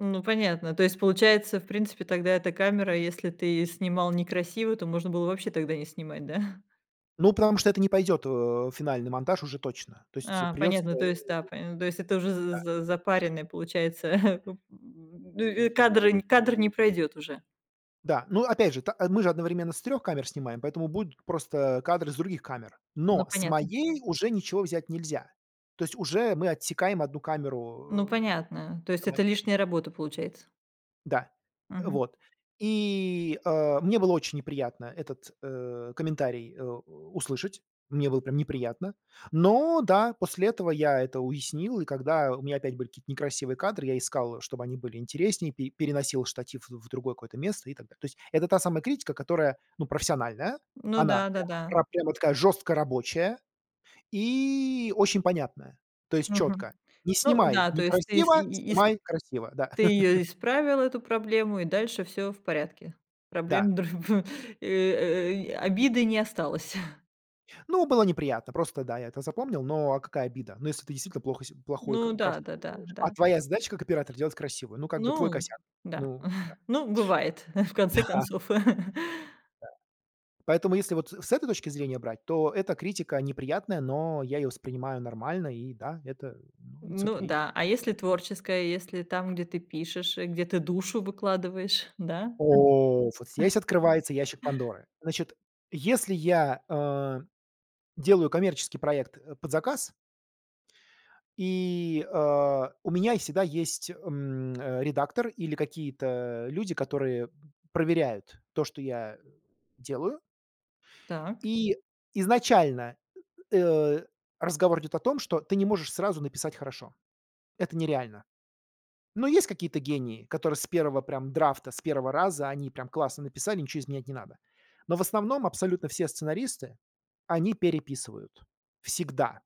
Ну, понятно. То есть, получается, в принципе, тогда эта камера, если ты снимал некрасиво, то можно было вообще тогда не снимать, да? Ну, потому что это не пойдёт, э, в финальный монтаж уже точно. То есть А, придется понятно, то есть, да, э поня то есть это уже з Да. з запаренное, получается. М, и кадр кадр не пройдёт уже. Да. Ну, опять же, та э, мы же одновременно с 3 камер снимаем, поэтому будут просто кадры с других камер. Ну, Но с понятно. моей уже ничего взять нельзя. То есть уже мы отсекаем 1 Ну, камеру, э, понятно, то в есть этом это моменте. лишняя работа получается? Да, э, Мгм. вот. И, э, мне было очень неприятно этот, э, комментарий, э, у услышать. Мне было прям неприятно. Но, да, после этого я это уяснил, и когда у меня опять были какие-то некрасивые кадры, я искал, чтобы они были интереснее, пе переносил штатив в в другое какое-то место и так далее. То есть это та самая критика, которая, ну, профессиональная, Ну она да, прямо да-да. ра прямо такая жёстко рабочая и очень понятная. То есть Мгм. чётко: "Не Ну снимай да, то есть ты ис и некрасиво, и ис снимай красиво". Да. ты ее исправил эту проблему, и дальше всё в порядке, Да. проблем дрв ф э, э, и обиды не осталось. Ну, было неприятно, просто, да, я это запомнил, но а какая обида? Ну, если ты действительно плохо с плохую Ну ка да, картинку да-да. делаешь? А Да. твоя задача как оператора делать красивую? Ну, как бы, твой Ну косяк. да, Ну да. ну бывает, в конце Да. концов. Да. Поэтому, если вот, э, с этой точки зрения брать, то эта критика неприятная, но я её воспринимаю нормально, и да, это, ну, М. it's Ну ok. да, а если творческое, если там, где ты пишешь, где ты душу выкладываешь, да? О, вот здесь открывается ящик Пандоры. Значит, если я, э, делаю коммерческий проект, э, под заказ и, а, у меня е всегда есть, м, редактор или какие-то люди, которые, проверяют то, что я делаю. Так. И изначально, э, разговор идёт о том, что ты не можешь сразу написать хорошо. Это нереально. Но есть какие-то гении, которые с 1 прям драфта, с 1 раза они прям классно написали, ничего изменять не надо. Но в основном абсолютно все сценаристы, они переписывают. Всегда.